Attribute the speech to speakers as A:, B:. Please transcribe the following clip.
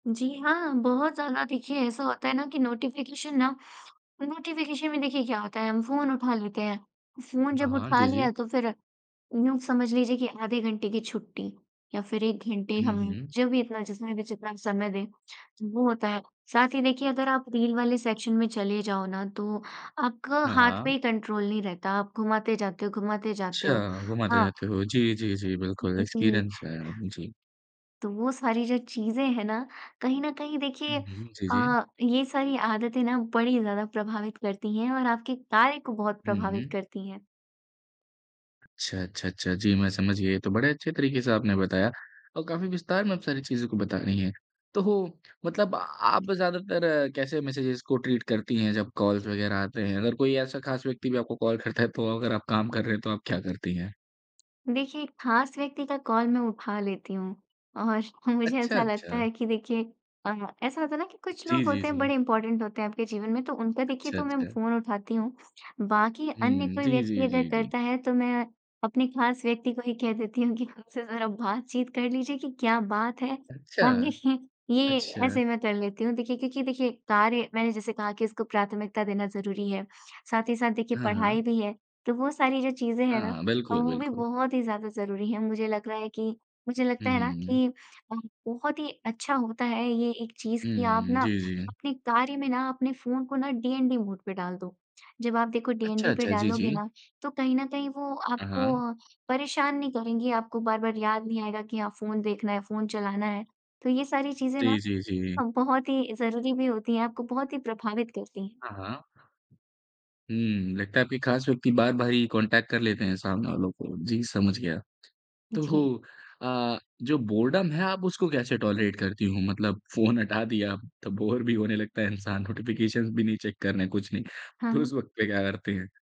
A: जी हाँ, बहुत ज़्यादा देखिए ऐसा होता है ना कि नोटिफिकेशन ना नोटिफिकेशन में देखिए क्या होता है, हम फ़ोन उठा लेते हैं। फ़ोन
B: ना
A: जब
B: हाँ,
A: उठा
B: जी, जी।
A: लिया तो फिर, यूँ समझ लीजिए कि आधे घंटे की छुट्टी या फिर 1 घंटे
B: हुँ,
A: हम
B: हुँ।
A: जो भी इतना जितना भी जितना हम समय दें, वो होता है। साथ ही देखिए अगर आप रील वाले सेक्शन में चले जाओ ना तो आपका
B: हाँ,
A: हाथ पे
B: हाँ।
A: ही कंट्रोल नहीं रहता, आप घुमाते जाते हो घुमाते जाते हो,
B: अच्छा, घुमाते
A: हाँ।
B: जाते हो, जी, जी, जी, बिल्कुल
A: जी।
B: एक्सपीरियंस है, उम, जी।
A: तो वो सारी जो चीज़ें हैं ना, कहीं न कहीं
B: हुँ,
A: देखिए
B: हुँ, जी, जी।
A: अ, ये सारी आदतें ना बड़ी ज़्यादा प्रभावित करती हैं और आपके कार्य को बहुत
B: हुँ,
A: प्रभावित
B: हुँ।
A: करती हैं।
B: अच्छा, अच्छा, अच्छा, जी, मैं समझ गया, ये तो बड़े अच्छे तरीके से आपने बताया और काफ़ी विस्तार में आप सारी चीज़ों को बता रही हैं। तो, मतलब आप ज़्यादातर कैसे मैसेजेज़ को ट्रीट करती हैं जब कॉल्स वगैरह आते हैं, अगर कोई ऐसा खास व्यक्ति भी आपको कॉल करता है तो अगर आप काम कर रहे हैं, तो आप क्या करती हैं?
A: देखिए, एक खास व्यक्ति का कॉल मैं उठा लेती हूँ और मुझे
B: अच्छा,
A: ऐसा लगता
B: अच्छा।
A: है कि देखिए अ, ऐसा होता है ना कि कुछ
B: जी,
A: लोग
B: जी,
A: होते हैं,
B: जी।
A: बड़े इम्पोर्टेंट होते हैं आपके जीवन में तो उनका देखिए
B: अच्छा,
A: तो मैं
B: अच्छा।
A: फ़ोन उठाती हूँ। बाकी अन्य
B: हुँ,
A: कोई
B: जी,
A: व्यक्ति
B: जी,
A: अगर
B: जी, जी।
A: करता है तो मैं अपने खास व्यक्ति को ही कह देती हूँ कि खुदसे ज़रा बातचीत कर लीजिए कि क्या बात है?
B: अच्छा।
A: अब देखिए, ये
B: अच्छा।
A: ऐसे मैं कर लेती हूँ। देखिए, क्योंकि देखिए कार्य मैंने जैसे कहा कि इसको प्राथमिकता देना ज़रूरी है, साथ ही साथ देखिए
B: हाँ,
A: पढ़ाई
B: हाँ।
A: भी है, तो वो सारी जो चीज़ें
B: हाँ,
A: हैं ना
B: हाँ,
A: अ,
B: बिल्कुल,
A: वो भी
B: बिल्कुल।
A: बहुत ही ज़्यादा ज़रूरी हैं। मुझे लग रहा है कि मुझे
B: हुँ,
A: लगता है ना
B: हुँ, हुँ।
A: कि अ, बहुत ही अच्छा होता है ये एक चीज़ कि आप
B: हुँ,
A: ना
B: जी, जी।
A: अपने कार्य में ना अपने फ़ोन को ना डीएनडी मोड पे डाल दो, जब आप देखो
B: अच्छा,
A: डीएनडी पे
B: अच्छा, जी,
A: डालोगे
B: जी।
A: ना, तो कहीं न कहीं वो
B: अ,
A: आपको
B: हाँ।
A: अ, परेशान नहीं करेंगी, आपको बार-बार याद नहीं आएगा कि हाँ, फ़ोन देखना है, फ़ोन चलाना है। तो ये सारी चीज़ें
B: जी,
A: ना
B: जी, जी।
A: अ, बहुत ही ज़रूरी भी होती हैं, आपको बहुत ही प्रभावित करती हैं।
B: हाँ, हाँ। हम्म, लगता है आपके खास व्यक्ति बार-बार ही कॉन्टैक्ट कर लेते हैं सामने वालों को, जी समझ गया।
A: जी।
B: तो अ, जो बोरडम है आप उसको कैसे टॉलरेट करती हूँ? मतलब फ़ोन हटा दिया तो बोर भी होने लगता है इंसान, नोटिफिकेशंस भी नहीं चेक करना कुछ नहीं।
A: हाँ,
B: तो
A: हाँ।
B: उस वक़्त पे क्या करती हैं?